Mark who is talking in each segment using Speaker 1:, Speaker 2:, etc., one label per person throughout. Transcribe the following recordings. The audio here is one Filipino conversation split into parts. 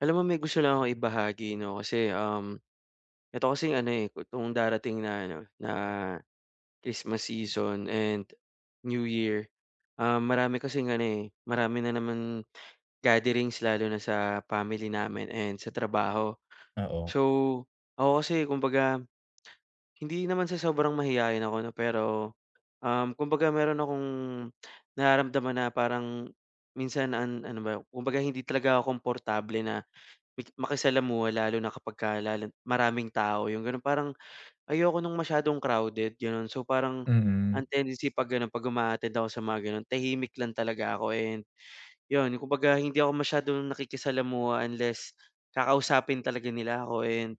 Speaker 1: Alam mo may gusto lang akong ibahagi 'no kasi, um, 'eto kasing ano, eh, itong darating na ano, na Christmas season and New Year, ah, marami kasing ano, eh, marami na naman gatherings lalo na sa family namin and sa trabaho.
Speaker 2: Oo.
Speaker 1: So, ako kasi kumbaga hindi naman sa sobrang mahiyain ako 'no, pero, um, kumbaga meron akong nararamdaman na parang minsan an ano ba, kumbaga hindi talaga ako komportable na maki makisalamuha lalo na kapag ka lalo maraming tao, yung gano'n. Parang ayoko ng masyadong crowded, gano'n. So, parang ang
Speaker 2: Mm.
Speaker 1: tendency 'pag gano'n 'pag uma-attend ako sa mga gano'n tahimik lang talaga ako and yun, kumbaga hindi ako masyadong nakikisalamuha unless kakausapin talaga nila ako and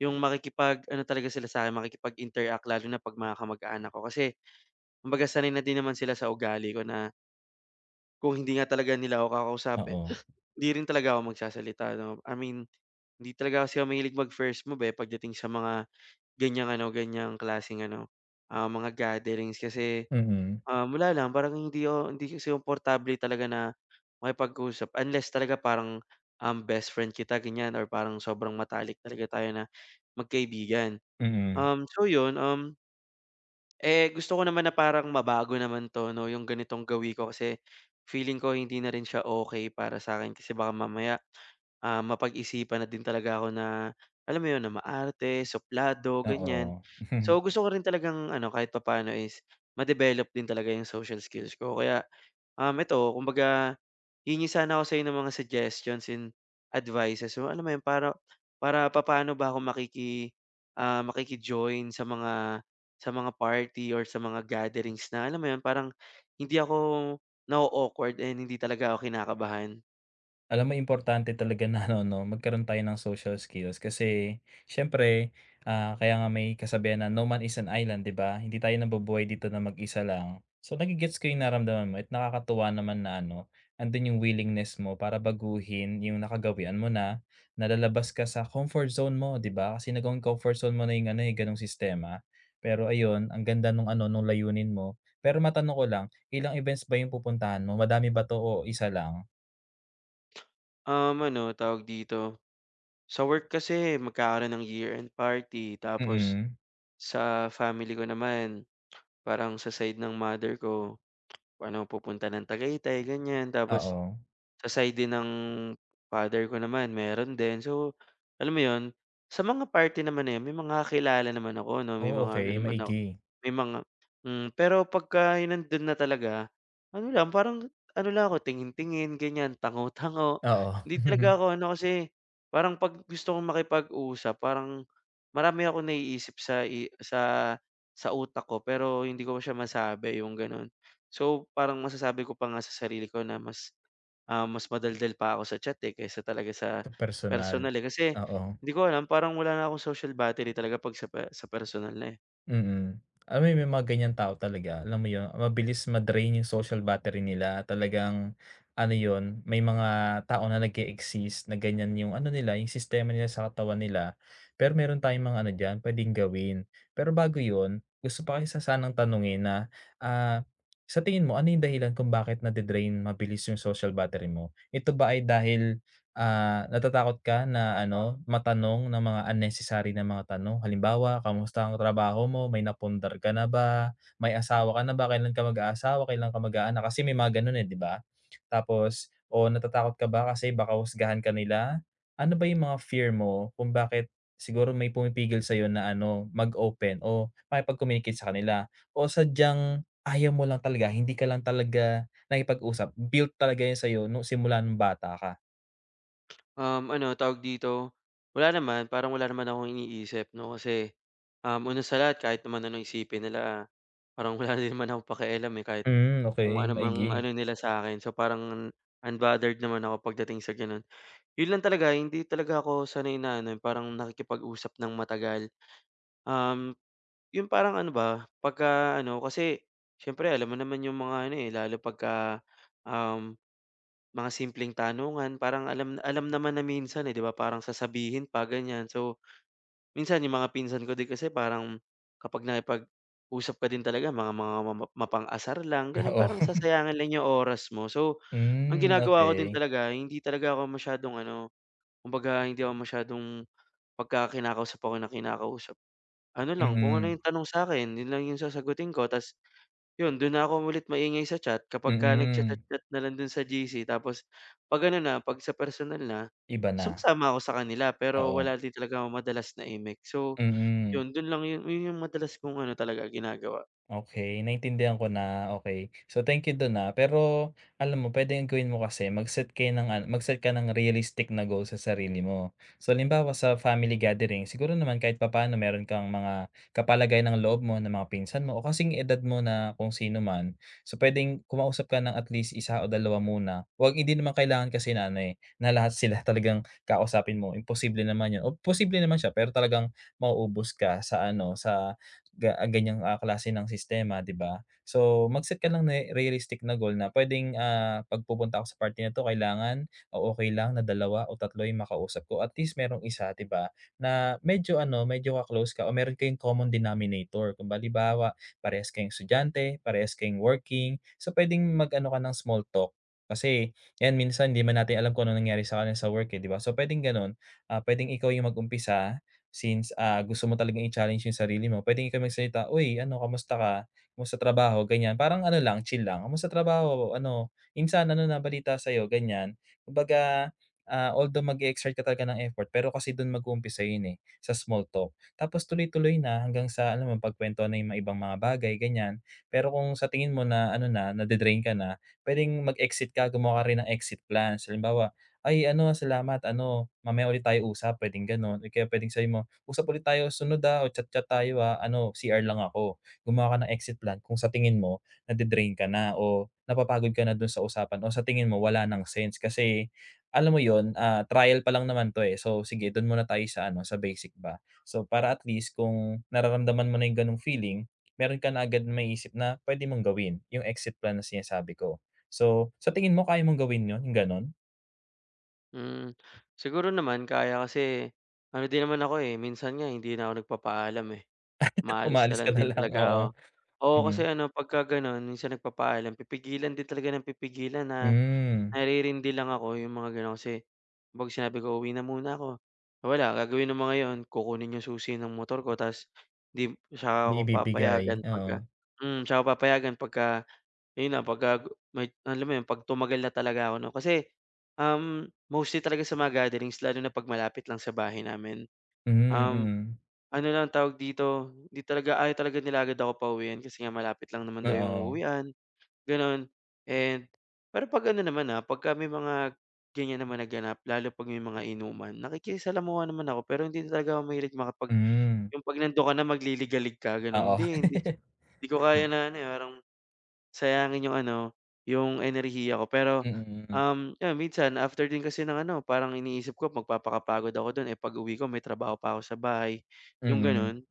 Speaker 1: yung makikipag ano talaga sila sa akin, makikipag-interact lalo na 'pag mga kamag-anak ko kasi kumbaga sanay na din naman sila sa ugali ko na kung hindi nga talaga nila ako kakausapin
Speaker 2: Oo.
Speaker 1: hindi rin talaga ako magsasalita 'no. I mean hindi talaga kasi ako mahilig mag-first move, eh, pagdating sa mga ganyang ano, ganyang klaseng ano, ah, mga gatherings kasi,
Speaker 2: Mhm.
Speaker 1: um, wala lang parang, hindi ako hindi kasi komportable talaga na makipag-usap unless talaga parang, um, best friend kita, ganyan or parang sobrang matalik talaga tayo na magkaibigan.
Speaker 2: Mhm.
Speaker 1: Um, so yun, um, eh, gusto ko naman na parang mabago naman 'to 'no yung ganitong gawi ko kasi feeling ko hindi na rin siya okey para sa'kin kasi baka mamaya, ah, mapag-isipan na din talaga ako na alam mo 'yon, na maarte, suplado, ganyan.
Speaker 2: Oo.
Speaker 1: So, gusto ko rin talagang ano, kahit papaano is ma-develop din talaga 'yong social skills ko kaya, um, 'eto kumbaga hihingi sana ako sa 'yo ng mga suggestions and advices mo alam mo yun para para papaano ba ako makiki, ah, makiki-join sa mga sa mga party or sa mga gatherings na alam mo yun, parang hindi ako na-o-awkward and hindi talaga ako kinakabahan.
Speaker 2: Alam mo importante talaga na ano 'no magkaroon tayo ng social skills kasi siyempre ah, kaya nga may kasabihan na, "No man is an island," di ba? Hindi tayo nabubuhay dito na mag-isa lang. So, nage-gets ko yung nararamdaman mo at nakakatuwa naman na ano nandun yung willingness mo para baguhin yung nakagawian mo na nalalabas ka sa comfort zone mo, di ba? Kasi nagawang comfort zone mo na yung ano yung ganong sistema. Pero ayun ang ganda nung ano nung layunin mo. Pero matanong ko lang ilang events ba yung pupuntahan mo madami ba 'to o isa lang?
Speaker 1: Um, ano tawag dito, sa work kasi magkakaroon ng year-end party tapos
Speaker 2: Mm.
Speaker 1: sa family ko naman parang sa side ng mother ko parang pupunta ng Tagaytay gan'yan tapos
Speaker 2: Oo.
Speaker 1: sa side din ng father ko naman meron din. So, alam mo yun sa mga party naman eh, may mga kilala naman ako 'no, may
Speaker 2: Oh,
Speaker 1: mga ano
Speaker 2: okey
Speaker 1: naman ako
Speaker 2: maigi.
Speaker 1: may mga hmm, pero pagka nandun na talaga ano lang parang ano lang ako tingin-tingin gan'yan tango-tango.
Speaker 2: Oo.
Speaker 1: Hindi talaga ako ano kasi parang pag gusto kong makipag-usap parang marami akong naiisip sa i sa sa utak ko pero hindi ko siya masabi yung gano'n. So, parang masasabi ko pa nga sa sarili ko na mas ah, mas madaldal pa ako sa chat eh, kaysa talaga sa
Speaker 2: Sa personal,
Speaker 1: personal eh, kasi
Speaker 2: oo.
Speaker 1: hindi ko alam parang wala na akong social battery talaga 'pag sa pe sa personal na eh.
Speaker 2: Mm. Alam mo may mga ganyang tao talaga. Alam mo yun, mabilis ma-drain 'yung social battery nila. Talagang, ano yun, may mga tao na nag-e-exist na ganyan 'yung ano nila, 'yung sistema nila sa katawan nila. Pero meron tayong mga ano diyan, pwedeng gawin. Pero bago yun, gusto pa kita sanang tanungin na, ah, sa tingin mo ano 'yung dahilan kung bakit na-dre-drain mabilis 'yung social battery mo? Ito ba ay dahil, ah, natatakot ka na ano, matanong ng mga unnecessary na mga tanong? Halimbawa, "Kamusta ang trabaho mo? May napundar ka na ba? May asawa ka na ba? Kailan ka mag-aasawa? Kailan ka mag-aanak?" Kasi may mga gano'n, eh, 'di ba? Tapos, o natatakot ka ba kasi baka husgahan ka nila? Ano ba 'yung mga fear mo kung bakit siguro may pumipigil sa'yo na ano, mag open o makipag-communicate sa kanila? O sadyang ayaw mo lang talaga, hindi ka lang talaga nakikipag-usap, built talaga 'yan sa'yo no'ng simula no'ng bata ka?
Speaker 1: Um, ano tawag dito, wala naman, parang wala naman akong iniisip 'no, kasi, um, una sa lahat kahit naman anong isipin nila, parang wala din naman akong pakialam, eh. Kahit
Speaker 2: Mm,
Speaker 1: kung
Speaker 2: okey,
Speaker 1: ano mang
Speaker 2: maigi.
Speaker 1: ano nila sa'kin so parang unbothered naman ako pagdating sa gano'n. Yun lang talaga hindi talaga ako sanay na ano, eh, parang nakikipag-usap nang matagal. Um, 'yung parang ano ba, pagka ano kasi, siyempre alam mo naman 'yung mga ano, eh, lalo pagka um, mga simpleng tanungan, parang alam alam naman na minsan, eh, 'di ba parang sasabihin pa ganyan. So, minsan 'yung mga pinsan ko din kasi parang kapag nakipag-usap ka din talaga mga mga mamap mapang-asar lang gano'n.
Speaker 2: Oo.
Speaker 1: Parang sasayangin lang 'yung oras mo so, ang
Speaker 2: Mm,
Speaker 1: ginagawa ko din
Speaker 2: okey.
Speaker 1: talaga hindi talaga ako masyadong ano, kumbaga hindi ako masyadong, pagka kinakausap ako nang kinakausap, ano lang, kung ano
Speaker 2: Mhm.
Speaker 1: 'yung tanong sa'kin, yun lang yung sasagutin ko. Ta's, yun do'n na ako ulit maingay sa chat kapagka
Speaker 2: Mhm.
Speaker 1: nag-cha-chat-chat na lang do'n sa GC. Tapos 'pag ano na 'pag sa personal na,
Speaker 2: Iba na.
Speaker 1: sumasama ako sa kanila pero
Speaker 2: Oo.
Speaker 1: wala din talaga ako madalas na imik. So,
Speaker 2: Mhm.
Speaker 1: yun do'n lang yun yun 'yung madalas kong ano talaga ginagawa.
Speaker 2: Okey, naintindihan ko na, okey. So thank you do'n ha. Pero, alam mo pwedeng gawin mo kasi mag-set kayo ng an mag-start ka ng realistic na goal sa sarili mo. So halimbawa sa family gathering, siguro naman kahit papaano meron kang mga kapalagayan ng loob mo na mga pinsan mo o kasing edad mo na kung sino man. So pwedeng kumausap ka ng at least 1 o 2 muna. 'Wag hindi naman kailangan kasi na ano, eh, na lahat sila talagang kakausapin mo, imposible naman yun. O posible naman siya pero talagang mauubos ka sa ano, sa ga ganyang, ah, klase ng sistema 'di ba? So mag-set ka ng ne realistic na goal na pwedeng, ah, 'pag pupunta ako sa party na 'to kailangan o okey lang na 2 o 3 'yung makausap ko. At least merong 1, 'di ba, na medyo ano, medyo ka-close ka o meron kayong common denominator. Ku halimbawa, parehas kayong estudyante, parehas kayong working, so pwedeng mag-ano ka ng small talk kasi 'yan minsan 'di 'man natin alam kung anong nangyari sa kanya sa work, eh, 'di ba? So pwedeng gano'n. Ah, pwedeng ikaw 'yung mag-umpisa since, ah, gusto mo talagang i-challenge 'yung sarili mo, pwedeng ikaw magsalita, "Uy, ano kamusta ka? Kumusta trabaho?" ganyan. Parang ano lang, chill lang. "Kumusta trabaho o ano?" "Insan, ano na balita sa'yo?" ganyan. Kumbaga, ah, although mag-e-exert ka talaga ng effort, pero kasi do'n mag-uumpisa yun, eh, sa small talk. Tapos tuloy-tuloy na hanggang sa ano, mapagkwentuhan na 'yung mga ibang mga bagay ganyan. Pero kung sa tingin mo na ano na, na-de-drain ka na, pwedeng mag-exit ka, gumawa ka rin ng exit plans. Halimbawa, "Ay ano, salamat ano, mamaya ulit tayo usap," pwedeng gano'n o kaya pwedeng sabihin mo, "Usap ulit tayo susunod ha o chat-chat tayo ha. Ano CR lang ako." Gumawa ka ng exit plan kung sa tingin mo na-de-drain ka na o napapagod ka na do'n sa usapan o sa tingin mo wala ng sense kasi, alam mo yun, ah, trial pa lang naman 'to, eh. So sige, do'n muna tayo sa ano, sa basic ba. So, para at least kung nararamdaman mo na 'yung gano'ng feeling, meron ka na agad maisip na pwede mong gawin, 'yung exit plan na sinasabi ko. So, sa tingin mo kaya mong gawin yun, 'yung gano'n?
Speaker 1: Hmm, siguro naman kaya kasi, ano din naman ako, eh, minsan nga hindi na ako nagpapaalam, eh, umaalis na
Speaker 2: Umaalis
Speaker 1: lang
Speaker 2: ka na
Speaker 1: din
Speaker 2: lang,
Speaker 1: talaga ako.
Speaker 2: oo,
Speaker 1: Oo,
Speaker 2: hmm.
Speaker 1: kasi ano pagka gano'n minsan nagpapaalam pipigilan din talaga ng pipigilan na,
Speaker 2: Hmm.
Speaker 1: naririnindi lang ako 'yong mga gano'n kasi 'pag sinabi ko uwi na muna ako, wala gagawin ng mga 'yon, kukunin 'yong susi ng motor ko ta's 'di 'tsaka
Speaker 2: Hindi
Speaker 1: ako
Speaker 2: ibibigay,
Speaker 1: papayagan pagka
Speaker 2: oo.
Speaker 1: hmm, 'tsaka papayagan 'pagka ayun na pagka may alam mo 'yon pag tumagal na talaga ako 'no. Kasi, um, mostly talaga sa mga gatherings lalo na 'pag malapit lang sa bahay namin,
Speaker 2: Hmm,
Speaker 1: um,
Speaker 2: mm.
Speaker 1: ano lang tawag dito, hindi talaga, ayaw talaga nila agad ako pauwiin kasi nga malapit lang naman daw 'yong
Speaker 2: Oo.
Speaker 1: uuwian gano'n and pero 'pag ano naman, ah, pagka may mga ganiyan naman na ganap lalo 'pag may mga inuman nakikisalamuha naman ako, pero hindi lang talaga ako mahilig makipag
Speaker 2: Hmm.
Speaker 1: 'yung 'pag nandun ka na magliligalig ka gano'n,
Speaker 2: Oo.
Speaker 1: hindi hindi hindi ko
Speaker 2: Hmm.
Speaker 1: kaya na ano, eh, parang sayangin 'yung ano 'yung enerhiya ko pero,
Speaker 2: Mm, mm.
Speaker 1: um, ayun minsan after din kasi ng ano parang iniisip ko magpapakapagod ako dun, eh, pag-uwi ko may trabaho pa ako sa bahay, 'yung
Speaker 2: Mm.
Speaker 1: ganun.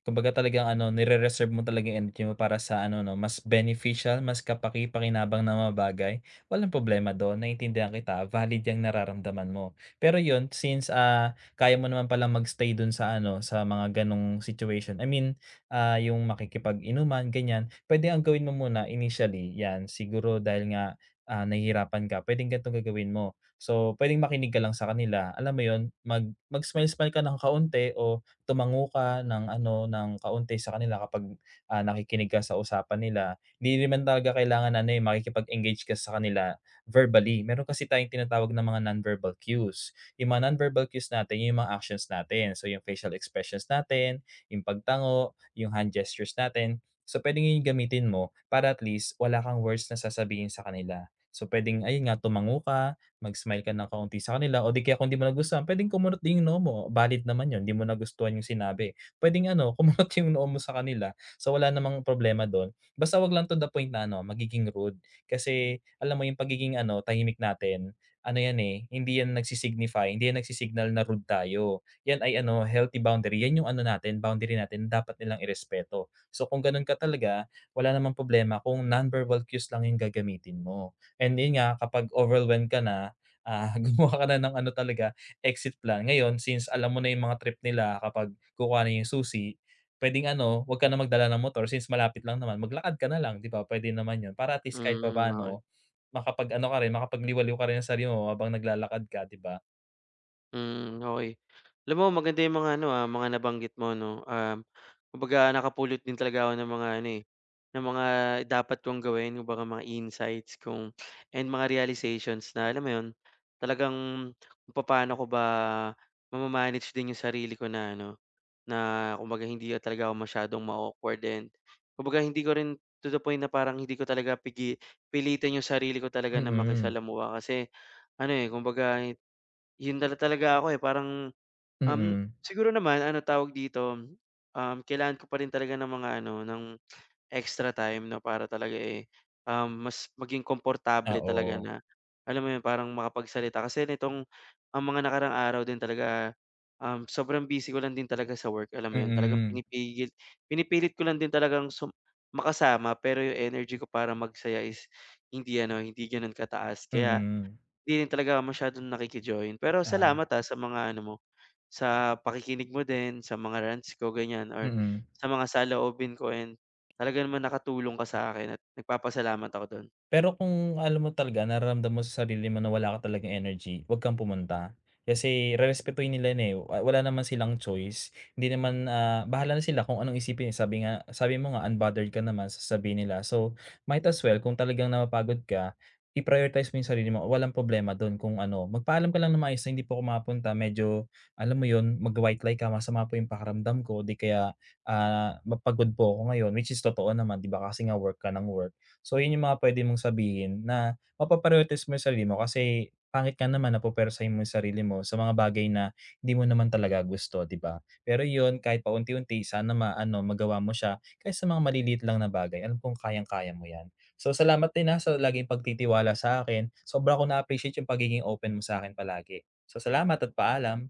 Speaker 2: Kumbaga talagang ano nere-reserve mo talagang energy mo para sa ano 'no mas beneficial, mas kapakipakinabang na mga bagay, walang problema dun, naintindihan kita, valid 'yang nararamdaman mo. Pero 'yun since, ah, kaya mo naman pala mag-stay dun sa ano sa mga gano'ng situation, I mean, ah, 'yung makikipag-inuman ganiyan, puwede ang gawin mo muna initially 'yan siguro dahil nga, ah, nahihirapan ka puwedeng ganito gagawin mo. So puwedeng makinig ka lang sa kanila, alam mo 'yun, mag mag smile-smile ka ng kaunti o tumango ka ng ano ng kaunti sa kanila kapag, ah, nakikinig ka sa usapan nila. Hindi naman talaga kailangan na ano, eh, makikipag-engage ka sa kanila verbally, meron kasi tayong tinatawag ng mga non-verbal cues, 'yung mga non-verbal cues natin 'yung mga actions natin, so 'yung facial expressions natin, 'yung pagtango, 'yung hand gestures natin, so puwedeng 'yun 'yung gamitin mo para at least wala kang worst na sasabihin sa kanila. So puwedeng ayun nga tumango ka, mag-smile ka ng kaunti sa kanila, o di kaya kung di mo nagustuhan puwedeng kumunot din 'yung noo mo, valid din naman 'yun, hindi mo nagustuhan 'yung sinabi. Puwedeng ano kumunot 'yung noo mo sa kanila, so wala namang problema dun, basta huwag lang to the point na ano magiging rude. Kasi alam mo 'yung pagiging ano tahimik natin ano 'yan, eh, hindi 'yan nag-si-signify, hindi 'yan nag-si-signal na rude tayo, 'yan ay ano healthy boundary, 'yan 'yung ano natin boundary natin din dapat nilang irespeto. So kung ganun ka talaga wala namang problema, kung non-verbal cues lang 'yung gagamitin mo and 'yun nga kapag overwhelm ka na, ah, gumawa ka na ng ano talaga exit plan, ngayon, since alam mo na 'yung mga trip nila kapag kukuhanin 'yung susi puwedeng ano huwag ka na magdala ng motor since malapit lang naman, maglakad ka na lang 'di ba puwede naman 'yun, para at least kahit
Speaker 1: Hmm okey.
Speaker 2: papaano makapag-ano ka rin, makapagliwaliw ka rin ng sarili mo habang naglalakad ka 'di ba?
Speaker 1: Mm, okey. Alam mo maganda 'yong mga ano, ah, mga nabanggit mo 'no, um, kumbaga nakapulot din talaga ako ng mga ano eh, ng mga dapat kong gawin kumbaga mga insights kung and mga realizations na alam mo 'yon, talagang kung papaano ko ba ma-ma-manage din 'yong sarili ko na ano, na kumbaga hindi talaga ako masyadong ma-awkward din. Kumbaga hindi ko rin to the point na parang hindi ko talaga pigi pilitin 'yong sarili ko talaga na
Speaker 2: Mm.
Speaker 1: makisalamuha kasi ano eh, kumbaga yun talaga ako eh parang, um,
Speaker 2: Mm.
Speaker 1: siguro naman anong tawag dito, um, kailangan ko pa rin talaga ng mga ano, ng extra time no para talaga eh, um, mas maging
Speaker 2: Ah,
Speaker 1: komportable talaga
Speaker 2: o.
Speaker 1: na alam mo yun parang makapagsalita. Kasi nitong ang mga nakaraang araw din talaga, um, sobrang busy ko lang din talaga sa work, alam mo yun. Talagang
Speaker 2: Mm.
Speaker 1: pinipigil pinipilit ko lang din talagang sum makasama pero yung energy ko para magsaya is hindi ano, hindi ganon kataas. Kaya,
Speaker 2: Mm.
Speaker 1: hindi rin talaga ako masyadong nakiki-join. Pero
Speaker 2: Ah.
Speaker 1: salamat, ah, sa mga ano mo, sa pakikinig mo din, sa mga rants ko ganyan or
Speaker 2: Mm.
Speaker 1: sa mga saloobin ko and talaga naman nakatulong ka sakin at nagpapasalamat ako dun.
Speaker 2: Pero kung alam mo talaga nararamdam mo sa sarili mo na wala ka talagang energy, wag kang pumunta. Kasi rerespetohin nila yun eh wa wala naman silang choice hindi naman, ah bahala na sila kung anong isipin eh sabi nga sabi mo nga unbothered ka naman sa sasabihin nila, so might as well kung talagang napapagod ka i-prioritize mo yung sarili mo walang problema dun kung ano. Magpaalam ka lang ng maayos na,"Hindi po ako makapunta medyo" alam mo yun mag white lie ka "Masama po yung pakiramdam ko," o di kaya, ah, "Ma pagod po ako ngayon," which is totoo naman di ba kasi nga work ka nang work. So yun yung mga pwede mong sabihin na mapa-priorities mo yung sarili mo kasi pangit nga naman na pupwersahin mo yung sarili mo sa mga bagay na hindi mo naman talaga gusto di ba? Pero yun kahit paunti-unti sana ma-ano magawa mo siya kahit sa mga maliliit lang na bagay alam kong kayang kaya mo yan. So salamat din ha, sa laging pagtitiwala sa akin. Sobra ko na appreciate yung pagiging open mo sakin palagi. So salamat, at paalam.